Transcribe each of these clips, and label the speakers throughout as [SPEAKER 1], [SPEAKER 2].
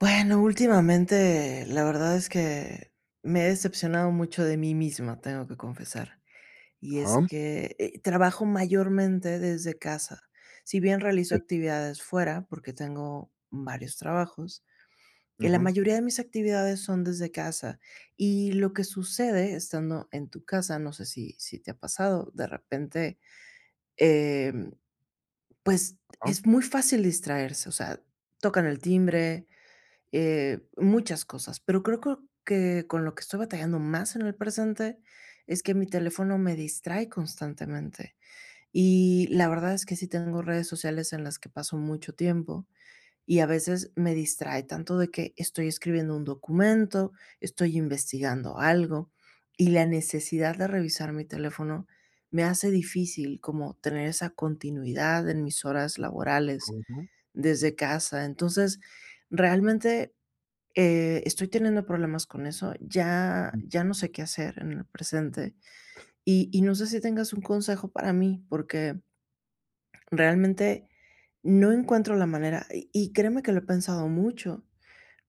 [SPEAKER 1] Bueno, últimamente, la verdad es que me he decepcionado mucho de mí misma, tengo que confesar. Y es
[SPEAKER 2] Ajá.
[SPEAKER 1] que, eh, trabajo mayormente desde casa. Si bien realizo
[SPEAKER 2] Sí.
[SPEAKER 1] actividades fuera, porque tengo varios trabajos, y la
[SPEAKER 2] Ujú.
[SPEAKER 1] mayoría de mis actividades son desde casa, y lo que sucede estando en tu casa, no sé, si si te ha pasado, de repente, em, pues
[SPEAKER 2] Ajá.
[SPEAKER 1] es muy fácil distraerse, o sea, tocan el timbre, eh, muchas cosas. Pero creo creo que con lo que estoy batallando más en el presente, es que mi teléfono me distrae constantemente. Y la verdad es que sí tengo redes sociales en las que paso mucho tiempo, y a veces me distrae tanto de que estoy escribiendo un documento, estoy investigando algo y la necesidad de revisar mi teléfono me hace difícil, como tener esa continuidad en mis horas laborales
[SPEAKER 2] Ujú.
[SPEAKER 1] desde casa. Entonces, realmente eh, estoy teniendo problemas con eso. Ya
[SPEAKER 2] Uh.
[SPEAKER 1] ya no sé qué hacer en el presente. Y y no sé, si tengas un consejo para mí, porque, realmente, no encuentro la manera, y y créeme que lo he pensado mucho,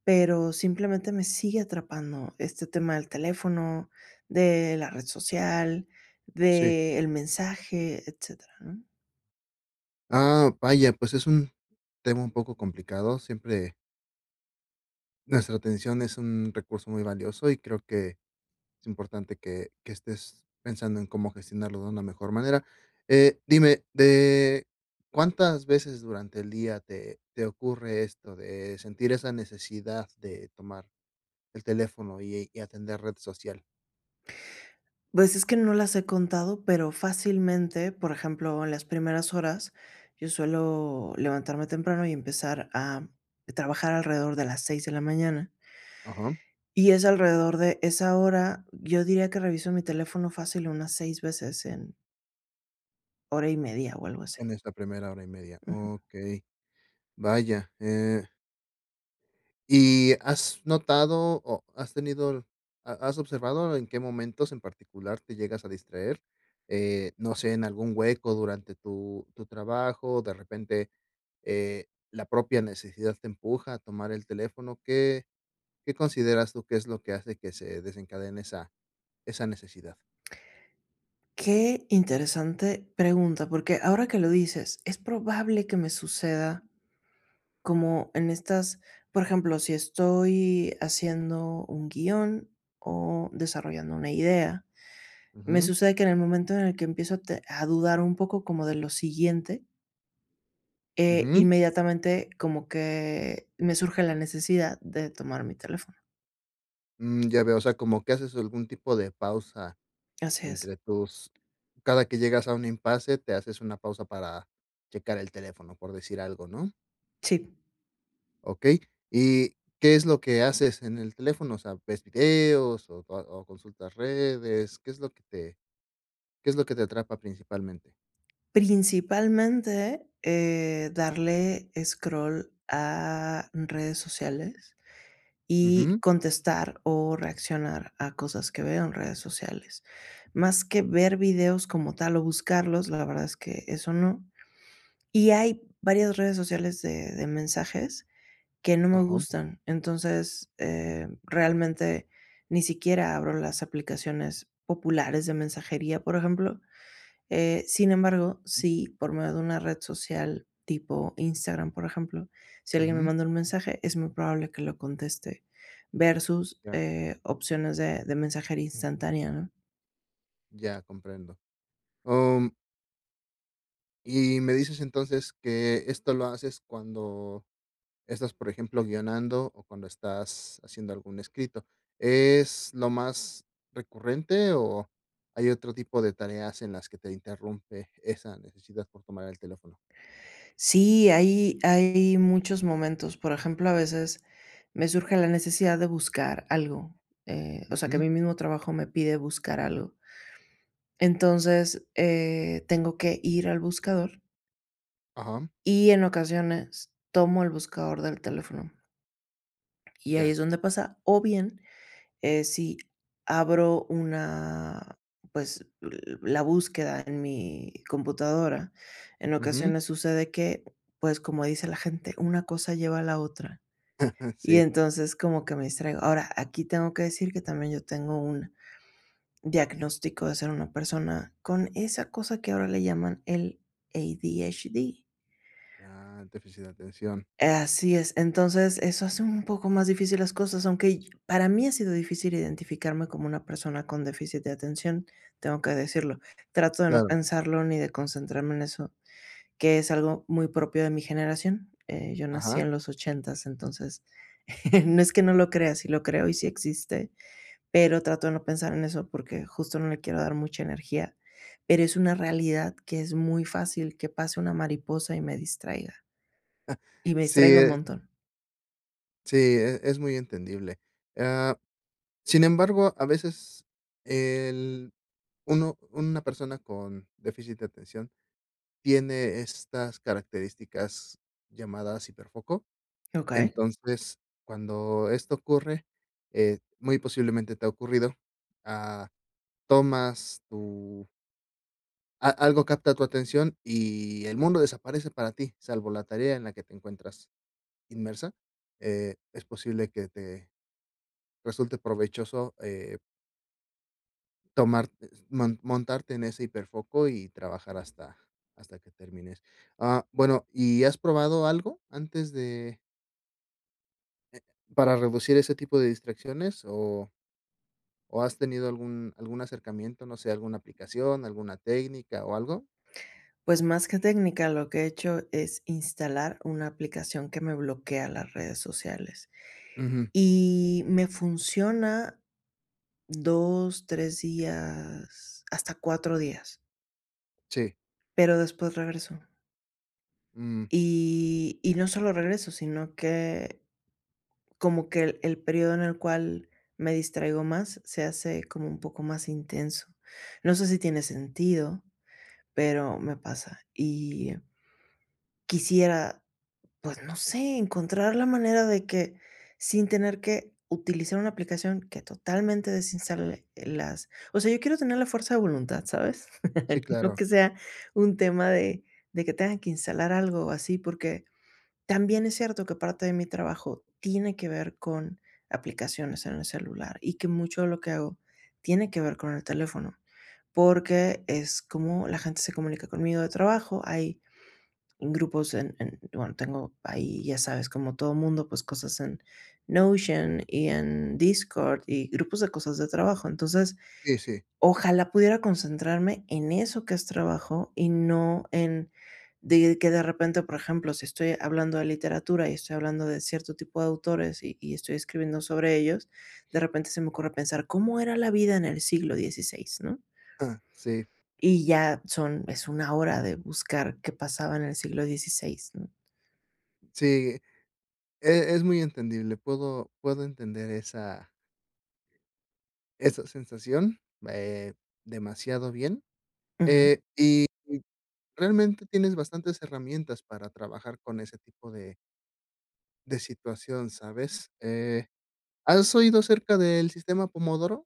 [SPEAKER 1] pero, simplemente, me sigue atrapando este tema del teléfono, de la red social,
[SPEAKER 2] Sí.
[SPEAKER 1] del mensaje, etcétera, ¿no?
[SPEAKER 2] Ah, vaya, pues, es un tema un poco complicado, siempre nuestra atención es un recurso muy valioso y creo que es importante que que estés pensando en cómo gestionarlo de una mejor manera, eh, dime, de, ¿cuántas veces durante el día te te ocurre esto, de sentir esa necesidad de tomar el teléfono y y atender red social?
[SPEAKER 1] Pues, es que no las he contado, pero fácilmente, por ejemplo, en las primeras horas, yo suelo levantarme temprano y empezar a trabajar alrededor de las 6 de la mañana
[SPEAKER 2] Ajá.
[SPEAKER 1] y es alrededor de esa hora, yo diría que reviso mi teléfono fácil unas 6 veces en hora y media o algo así.
[SPEAKER 2] En esta primera hora y media,
[SPEAKER 1] Ajá.
[SPEAKER 2] okey, vaya, eh ¿Y has notado o has tenido, ha has observado en qué momentos en particular te llegas a distraer?, eh, no sé, en algún hueco durante tu tu trabajo, o de repente, eh, la propia necesidad te empuja a tomar el teléfono, ¿qué qué consideras tú que es lo que hace que se desencadene esa esa necesidad?
[SPEAKER 1] Qué interesante pregunta, porque ahora que lo dices, es probable que me suceda, como en estas, por ejemplo, si estoy haciendo un guion o desarrollando una idea, me
[SPEAKER 2] Ujú.
[SPEAKER 1] sucede que, en el momento en el que empiezo a te a dudar un poco como de lo siguiente eh,
[SPEAKER 2] Ujú.
[SPEAKER 1] inmediatamente como que, me surge la necesidad de tomar mi teléfono.
[SPEAKER 2] Mm, ya veo, o sea, como que haces algún tipo de pausa
[SPEAKER 1] Así es.
[SPEAKER 2] entre tus cada que llegas a un impase, te haces una pausa para checar el teléfono, por decir algo, ¿no?
[SPEAKER 1] Sí.
[SPEAKER 2] Okey, ¿y qué es lo que haces en el teléfono, o sea, ves videos o o consultas redes? ¿Qué es lo que te qué es lo que te atrapa principalmente?
[SPEAKER 1] Principalmente, eh, darle scroll a, mm, redes sociales y
[SPEAKER 2] Ujú.
[SPEAKER 1] contestar o reaccionar a cosas que veo en redes sociales, más que ver videos como tal o buscarlos, la verdad es que eso no, y hay varias redes sociales de de mensajes que no me
[SPEAKER 2] Ajá.
[SPEAKER 1] gustan, entonces, eh, realmente ni siquiera abro las aplicaciones populares de mensajería, por ejemplo, eh, sin embargo,
[SPEAKER 2] Mm.
[SPEAKER 1] si por medio de una red social tipo Instagram, por ejemplo, si alguien me
[SPEAKER 2] Ujú.
[SPEAKER 1] manda un mensaje, es muy probable que lo conteste, versus,
[SPEAKER 2] Ya.
[SPEAKER 1] eh, opciones de de mensajería instantánea, ¿no?
[SPEAKER 2] Ya, comprendo, oh, mm. Y me dices entonces que esto lo haces cuando estás, por ejemplo, guionando o cuando estás haciendo algún escrito, ¿es lo más recurrente o hay otro tipo de tareas en las que te interrumpe esa necesidad por tomar el teléfono?
[SPEAKER 1] Sí, hay hay muchos momentos, por ejemplo, a veces me surge la necesidad de buscar algo, eh, o sea que
[SPEAKER 2] Ujú.
[SPEAKER 1] mi mismo trabajo me pide buscar algo. Entonces, eh, tengo que ir al buscador,
[SPEAKER 2] Ajá.
[SPEAKER 1] y en ocasiones, tomo el buscador del teléfono, y ahí
[SPEAKER 2] Ya.
[SPEAKER 1] es donde pasa, o bien, eh, si abro una, pues, l la búsqueda en mi computadora, en
[SPEAKER 2] Ujú.
[SPEAKER 1] ocasiones sucede que, pues, como dice la gente, una cosa lleva a la otra. Y
[SPEAKER 2] Sí.
[SPEAKER 1] entonces, como que me distraigo. Ahora, aquí tengo que decir que también yo tengo un diagnóstico de ser una persona con esa cosa que ahora le llaman el ADHD.
[SPEAKER 2] Ah, déficit de atención.
[SPEAKER 1] Así es, entonces eso hace un poco más difícil las cosas, aunque para mí ha sido difícil identificarme como una persona con déficit de atención, tengo que decirlo, trato de no
[SPEAKER 2] Claro.
[SPEAKER 1] pensarlo ni de concentrarme en eso, que es algo muy propio de mi generación. Eh, yo nací
[SPEAKER 2] Ajá.
[SPEAKER 1] en los ochentas, entonces no es que no lo crea, sí lo creo y sí existe, pero trato de no pensar en eso, porque justo no le quiero dar mucha energía. Pero es una realidad que es muy fácil que pase una mariposa y me distraiga, y me
[SPEAKER 2] Sí,
[SPEAKER 1] distraigo un
[SPEAKER 2] eh
[SPEAKER 1] montón.
[SPEAKER 2] Sí, e es muy entendible. Ah, sin embargo, a veces el, uno una persona con déficit de atención tiene estas características llamadas hiper foco,
[SPEAKER 1] Okey.
[SPEAKER 2] entonces, cuando esto ocurre, eh, muy posiblemente te ha ocurrido, ah, tomas tu a algo capta tu atención y el mundo desaparece para ti, salvo la tarea en la que te encuentras, inmersa, eh, es posible que te, resulte provechoso, eh tomar, e mon montarte en ese hiperfoco y trabajar hasta hasta que termines. Ah, bueno, ¿y has probado algo antes de para reducir ese tipo de distracciones? O ¿o has tenido algún algún acercamiento, no sé, alguna aplicación, alguna técnica o algo?
[SPEAKER 1] Pues, más que técnica, lo que he hecho es instalar una aplicación que me bloquea las redes sociales,
[SPEAKER 2] Ujú.
[SPEAKER 1] y me funciona 2 3 días, hasta 4 días.
[SPEAKER 2] Sí.
[SPEAKER 1] Pero después regreso.
[SPEAKER 2] Mm.
[SPEAKER 1] Y y no solo regreso, sino que, como que el el período en el cual me distraigo más se hace como un poco más intenso. No sé si tiene sentido, pero me pasa. Y quisiera, pues, no sé, encontrar la manera de que sin tener que utilizar una aplicación que totalmente desinstale las o sea, yo quiero tener la fuerza de voluntad, ¿sabes?
[SPEAKER 2] Sí,
[SPEAKER 1] No
[SPEAKER 2] claro.
[SPEAKER 1] que sea un tema de de que tenga que instalar algo o así, porque también es cierto que parte de mi trabajo tiene que ver con aplicaciones en el celular, y que mucho de lo que hago tiene que ver con el teléfono.
[SPEAKER 2] Ujú.
[SPEAKER 1] Porque es como la gente se comunica conmigo de trabajo, hay grupos en en, bueno, tengo ahí, ya sabes, como todo mundo, pues, cosas en Notion y en Discord y grupos de cosas de trabajo. Entonces,
[SPEAKER 2] Sí, sí.
[SPEAKER 1] ojalá pudiera concentrarme en eso que es trabajo y no en de que de repente, por ejemplo, si estoy hablando de literatura y estoy hablando de cierto tipo de autores y y estoy escribiendo sobre ellos, de repente se me ocurre pensar, ¿cómo era la vida en el siglo 16, no?
[SPEAKER 2] Ah, sí.
[SPEAKER 1] Y ya, son es 1 hora de buscar qué pasaba en el siglo 16, ¿no?
[SPEAKER 2] Sí, eh, e es muy entendible. Puedo puedo entender esa esa sensación, eh, demasiado bien,
[SPEAKER 1] Ujú.
[SPEAKER 2] eh, y y realmente tienes bastantes herramientas para trabajar con ese tipo de de situación, ¿sabes? Eh, ¿has oído acerca del sistema pomodoro?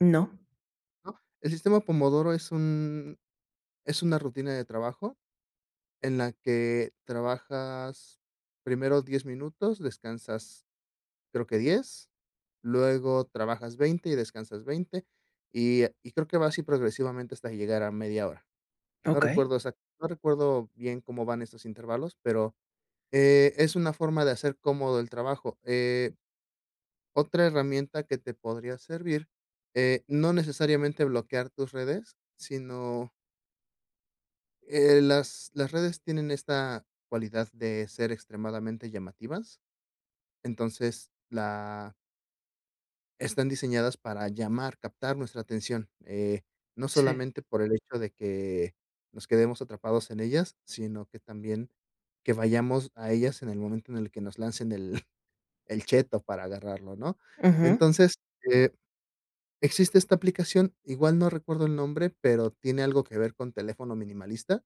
[SPEAKER 1] No.
[SPEAKER 2] ¿No?, el sistema pomodoro es un es una rutina de trabajo en la que trabajas primero 10 minutos, descansas creo que 10 luego trabajas 20 y descansas 20, y y creo que va así progresivamente, hasta llegar a media hora. No
[SPEAKER 1] Okey.
[SPEAKER 2] recuerdo exact no recuerdo bien cómo van esos intervalos, pero, eh, es una forma de hacer cómodo el trabajo. Eh, otra herramienta que te podría servir, eh, no necesariamente bloquear tus redes, sino eh, las las redes tienen esta cualidad de ser extremadamente llamativas, entonces, la están diseñadas para llamar captar nuestra atención, eh, no
[SPEAKER 1] Sí.
[SPEAKER 2] solamente por el hecho de que nos quedemos atrapados en ellas, sino que también, que vayamos a ellas en el momento en el que nos lancen el el cheto para agarrarlo, ¿no?
[SPEAKER 1] Ajá.
[SPEAKER 2] Entonces, eh, existe esta aplicación, igual no recuerdo el nombre, pero tiene algo que ver con teléfono minimalista,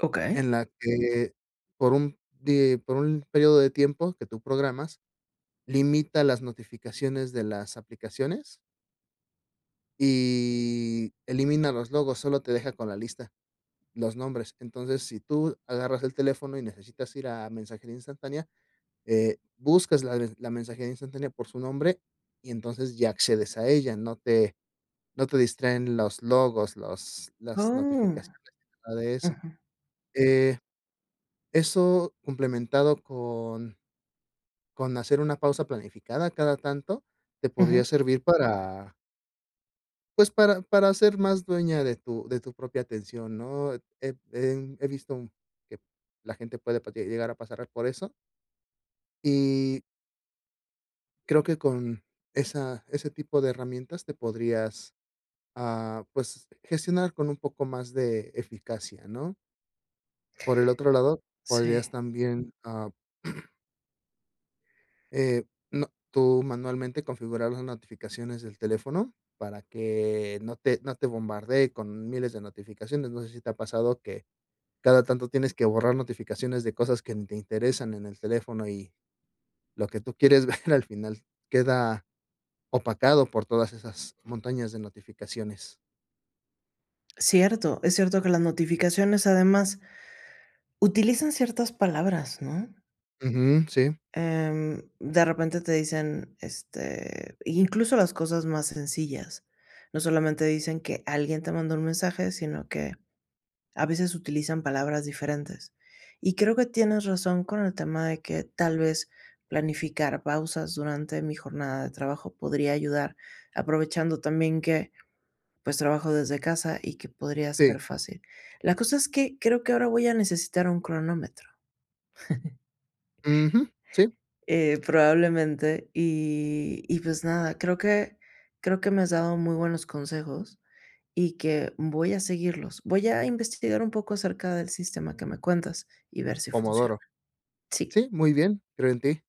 [SPEAKER 1] Okey.
[SPEAKER 2] en la que por un de por un periodo de tiempo que tú programas, limita las notificaciones de las aplicaciones Y elimina los logos, sólo te deja con la lista, los nombres, entonces, si tú agarras el teléfono y necesitas ir a mensajería instantánea, eh, buscas la la mensajería instantánea por su nombre, y entonces, ya accedes a ella, no te no te distraen los logos, los las
[SPEAKER 1] Oh.
[SPEAKER 2] notificaciones, nada de eso,
[SPEAKER 1] Ujú.
[SPEAKER 2] eh, eso complementado con con hacer una pausa planificada cada tanto, te podría
[SPEAKER 1] Ujú.
[SPEAKER 2] servir para pues, para para ser más dueña de tu de tu propia atención, ¿no?, he he visto que la gente, puede llegar a pasar por eso y creo que con esa ese tipo de herramientas te podrías, ah, pues gestionar con un poco más de eficacia, ¿no? Por el otro lado,
[SPEAKER 1] Sí.
[SPEAKER 2] podrías también, ah eh, no, tú manualmente configurar las notificaciones del teléfono para que no te no te bombardee con 1000 de notificaciones, no sé, si te ha pasado que cada tanto tienes que borrar notificaciones de cosas que ni te interesan en el teléfono y lo que tú quieres ver al final queda opacado por todas esas montañas de notificaciones.
[SPEAKER 1] Cierto, es cierto que las notificaciones, además utilizan ciertas palabras, ¿no?
[SPEAKER 2] Ujú, sí.
[SPEAKER 1] Em, de repente, te dicen, este, incluso, las cosas más sencillas. No solamente dicen que alguien te manda un mensaje, sino que a veces utilizan palabras diferentes. Y creo que tienes razón con el tema de que, tal vez, planificar pausas durante mi jornada de trabajo podría ayudar, aprovechando también que, pues, trabajo desde casa y que podría ser
[SPEAKER 2] Sí.
[SPEAKER 1] fácil. La cosa es que creo que ahora voy a necesitar un cronómetro.
[SPEAKER 2] Ujú, sí.
[SPEAKER 1] Eh, probablemente, y y pues nada, creo que creo que me has dado muy buenos consejos y que voy a seguirlos. Voy a investigar un poco acerca del sistema que me cuentas y ver si funciona.
[SPEAKER 2] Pomodoro.
[SPEAKER 1] Sí.
[SPEAKER 2] Sí, muy bien, creo en ti.